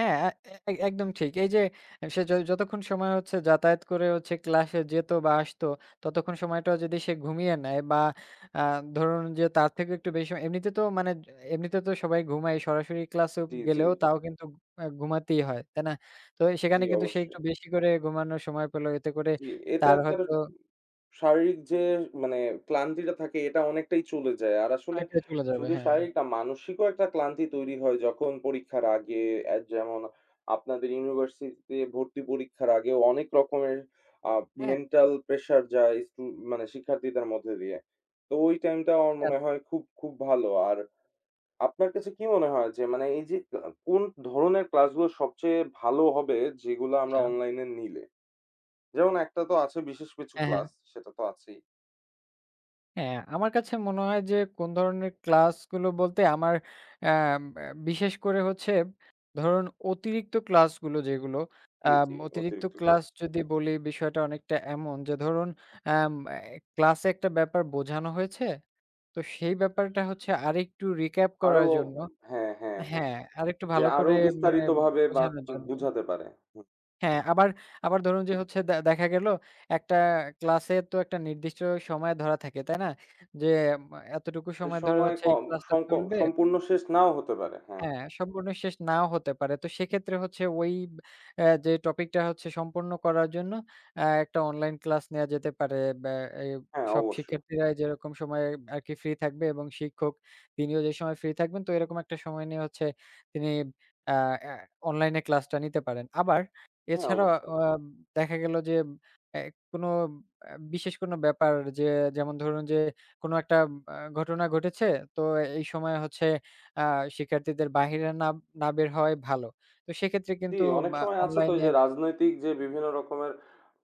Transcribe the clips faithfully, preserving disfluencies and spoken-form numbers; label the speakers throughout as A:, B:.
A: হ্যাঁ এ এই একদম ঠিক। এই যে অ্যা সে য যতক্ষণ সময় হচ্ছে যাতায়াত করে হচ্ছে ক্লাসে যেত বা আসতো ততক্ষণ সময়টাও যদি সে ঘুমিয়ে নেয় বা আ ধরুন যে তার থেকেও একটু বেশি সময় এমনিতে তো মানে এমনিতে তো সবাই ঘুমায় সরাসরি ক্লাসো
B: জি, জি।
A: গেলেও তাও কিন্তু এ ঘুমাতেই হয়, তাই না? তো
B: জি,
A: সেখানে কিন্তু সে একটু
B: অবশ্যই।
A: বেশি করে ঘুমানোর সময় পেল এতে করে
B: জি এটা
A: তার
B: তার উম
A: হয়তো
B: শারীরিক যে মানে ক্লান্তিটা থাকে এটা অনেকটাই চলে যায়। আর আসলে
A: অনেকটা চলে যাবে
B: শুধু
A: হ্যাঁ।
B: শারীরিক না মানসিকও একটা ক্লান্তি তৈরি হয় যখন পরীক্ষার আগে আ যেমন আপনাদের ইউনিভার্সিটিতে ভর্তি পরীক্ষার আগে অনেক রকমের আ
A: হ্যাঁ।
B: মেন্টাল প্রেশার যায় স্টু মানে শিক্ষার্থীদের মধ্যে দিয়ে। তো ওই টাইমটা আমার
A: হ্যাঁ।
B: মনে হয় খুব, খুব ভালো আর আপনার কাছে কি মনে হয় যে মানে এই যে আ কোন ধরনের ক্লাস গুলো সবচেয়ে ভালো হবে যেগুলো আমরা
A: আচ্ছা।
B: অনলাইনে নিলে? যেমন একটা তো আছে বিশেষ কিছু
A: হ্যাঁ, হ্যাঁ।
B: ক্লাস, সেটা তো আছেই।
A: হ্যাঁ, আমার কাছে মনে হয় যে কোন ধরনের ক্লাসগুলো বলতে আমার আম ব্যা বিশেষ করে হচ্ছে ধরুন অতিরিক্ত ক্লাসগুলো যেগুলো
B: জি,
A: আম
B: জি
A: অতিরিক্ত
B: অতিরিক্ত ক্লাস।
A: ক্লাস যদি বলি বিষয়টা অনেকটা এমন যে ধরুন আম এ ক্লাসে একটা ব্যাপার বোঝানো হয়েছে, তো সেই ব্যাপারটা হচ্ছে আরেকটু রিক্যাপ
B: আরো
A: করার
B: উম
A: জন্য
B: হ্যাঁ, হ্যাঁ, হ্যাঁ।
A: হ্যাঁ, আরেকটু
B: যে
A: ভালো
B: আরো
A: করে মানে
B: বিস্তারিত ভাবে বা
A: বোঝানোর
B: [unintelligible]
A: জন্য।
B: বোঝাতে পারে, হুম।
A: হ্যাঁ আবার আবার ধরুন যে হচ্ছে দে দেখা গেল একটা ক্লাসে তো একটা নির্দিষ্ট সময় ধরা থাকে তাই না? যে মা এতটুকু
B: এ
A: সময় ধরে
B: সময়
A: হচ্ছে এই
B: কম
A: ক্লাসটা
B: সংক
A: চলবে
B: সম্পূর্ণ শেষ নাও হতে পারে। হ্যাঁ।
A: হ্যাঁ সম্পূর্ণ শেষ নাও হতে পারে। তো সেক্ষেত্রে হচ্ছে ওই ব আ যে টপিকটা হচ্ছে সম্পূর্ণ করার জন্য আ একটা অনলাইন ক্লাস নেওয়া যেতে পারে বা এই
B: হ্যাঁ,
A: সব
B: অবশ্যই।
A: শিক্ষার্থীরা যেরকম সময়ে আরকি ফ্রি থাকবে এবং শিক্ষক তিনিও যে সময় ফ্রি থাকবেন তো এরকম একটা সময় নিয়ে হচ্ছে তিনি আ আ অনলাইনে ক্লাসটা নিতে পারেন। আবার
B: হ্যাঁ,
A: এছাড়াও
B: অবশ্যই।
A: অম দেখা গেল যে এ কোনো আ বিশেষ কোনো ব্যাপার যে, যেমন ধরুন যে কোনো একটা আ ঘটনা ঘটেছে তো এই সময়ে হচ্ছে আ শিক্ষার্থীদের বাহিরে না না বের হওয়াই ভালো। তো সেক্ষেত্রে
B: জি,
A: কিন্তু
B: অনেক
A: বা
B: সময় আছে তো ওইযে
A: অনলাইনে
B: রাজনৈতিক যে বিভিন্ন রকমের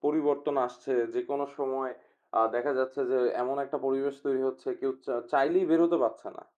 B: পরিবর্তন আসছে যেকোন সময় আ দেখা যাচ্ছে যে এমন একটা পরিবেশ তৈরি হচ্ছে কেউ চা চাইলেই বেরোতে পারছে না।